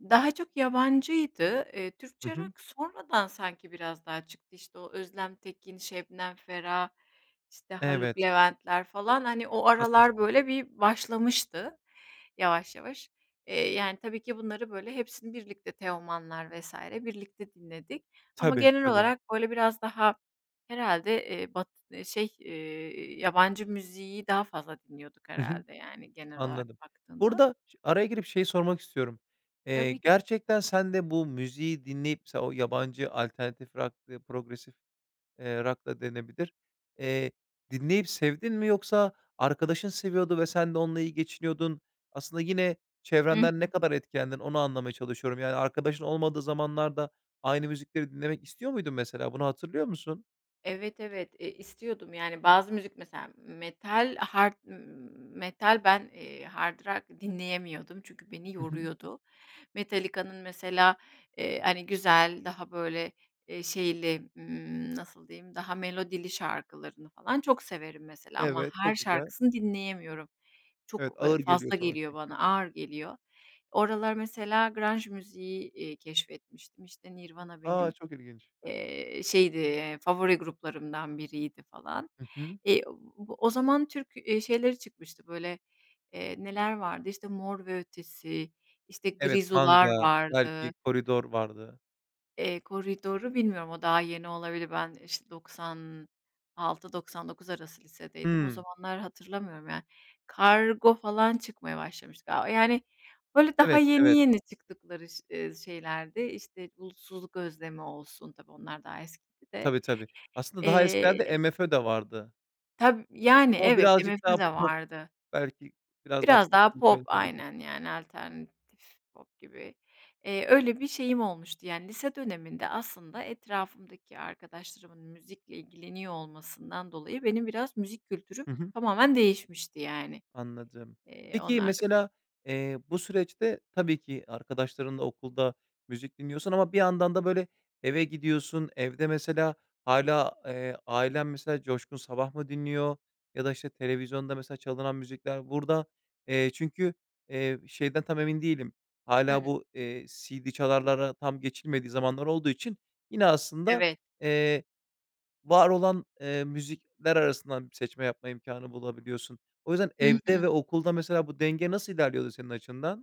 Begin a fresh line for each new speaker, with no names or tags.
Daha çok yabancıydı. Eee,
Hı
Türkçe
hı.
rock sonradan sanki biraz daha çıktı. İşte o Özlem Tekin, Şebnem Ferah, işte Haluk
Evet.
Levent'ler falan hani, o aralar
Haklısın.
böyle bir başlamıştı, yavaş yavaş. Eee, yani tabii ki bunları böyle hepsini birlikte, Teoman'lar vs. birlikte dinledik. Ama
Tabii,
genel
tabii.
olarak böyle biraz daha herhâlde, eee, batı şey, eee, yabancı müziği daha fazla dinliyorduk
Hı hı.
herhâlde yani, genel olarak
Anladım. Bu
baktığında.
arada ş araya girip şeyi sormak istiyorum. Eee,
Tabii ki.
gerçekten sen de bu müziği dinleyip, mesela o yabancı alternatif rock; progressive, eee, rock da denebilir, eee, dinleyip sevdin mi? Yoksa arkadaşın seviyordu ve sen de onunla iyi geçiniyordun. Aslında yine,
Hı hı.
çevrenden ne kadar etkendin, onu anlamaya çalışıyorum. Yani, arkadaşın olmadığı zamanlarda, aynı müzikleri dinlemek istiyor muydun? Mesela bunu hatırlıyor musun?
Evet, evet, eee, istiyordum. Yani, bazı müzik mesela; metal hard metal ben, eee, hard rock dinleyemiyordum. Çünkü beni
Hı hı.
yoruyordu. Metallica'nın mesela, eee, hani güzel daha böyle, eee, şeyli, ımm, nasıl diyeyim, daha melodili şarkılarını falan çok severim mesela. Ama
Evet,
her
çok güzel.
şarkısını dinleyemiyorum.
Evet,
Çok, ııı,
ağır geliyor
fazla
sana
geliyor
çünkü.
bana, ağır geliyor. O aralar mesela grunge, müziği, eee, keşfetmiştim. İşte Nirvana
A,
benim,
çok ilginç.
eee, şeydi, eee, favori gruplarımdan biriydi falan.
Hı hı.
Eee, o o zaman Türk, eee, şeyleri çıkmıştı böyle, eee, neler vardı? İşte Mor ve Ötesi, işte
Evet,
Grizu'lar
Manga, belki
vardı.
Koridor vardı.
Eee, Koridor'u bilmiyorum. O daha yeni olabilir. Ben işte 96-99 arası lisedeydim. O
Hımm.
zamanları hatırlamıyorum yani. Kargo falan çıkmaya başlamıştı galiba. Yani, böyle daha
Evet,
yeni
evet.
yeni çıktıkları ş ııı, şeylerdi. İşte Bulutsuzluk Özlemi olsun; tabii onlar daha eskide.
Tabii, tabii. Aslında daha eskilerde
Eee
MFÖ de vardı.
Tab yani,
Ama
evet,
birazcık
MFÖ
daha
de
pop
vardı.
belki biraz daha
Biraz
pop
daha
gibi
pop
söylenebilir.
aynen yani, alternatif pop gibi. Eee, öyle bir şeyim olmuştu. Yani, lise döneminde aslında etrafımdaki arkadaşlarımın müzikle ilgileniyor olmasından dolayı benim biraz müzik kültürüm,
Hı hı.
tamamen değişmişti yani,
Anladım.
eee,
Peki,
onlarla bir
mesela, eee, bu süreçte tabii ki, arkadaşlarınla okulda, müzik dinliyorsun ama bir yandan da böyle, eve gidiyorsun. Evde mesela hâlâ, eee, ailen mesela Coşkun Sabah mı dinliyor? Ya da işte televizyonda mesela çalınan müzikler burada, eee, çünkü, eee, şeyden tam emin değilim. Hâlâ
Hıı.
bu, eee, CD çalarlara tam geçilmediği zamanlar olduğu için yine, aslında,
Evet.
eee, var olan, eee, müzikler arasından seçme yapma imkânı bulabiliyorsun. O yüzden
Hı
evde
hı.
ve okulda mesela bu denge nasıl ilerliyordu senin açından?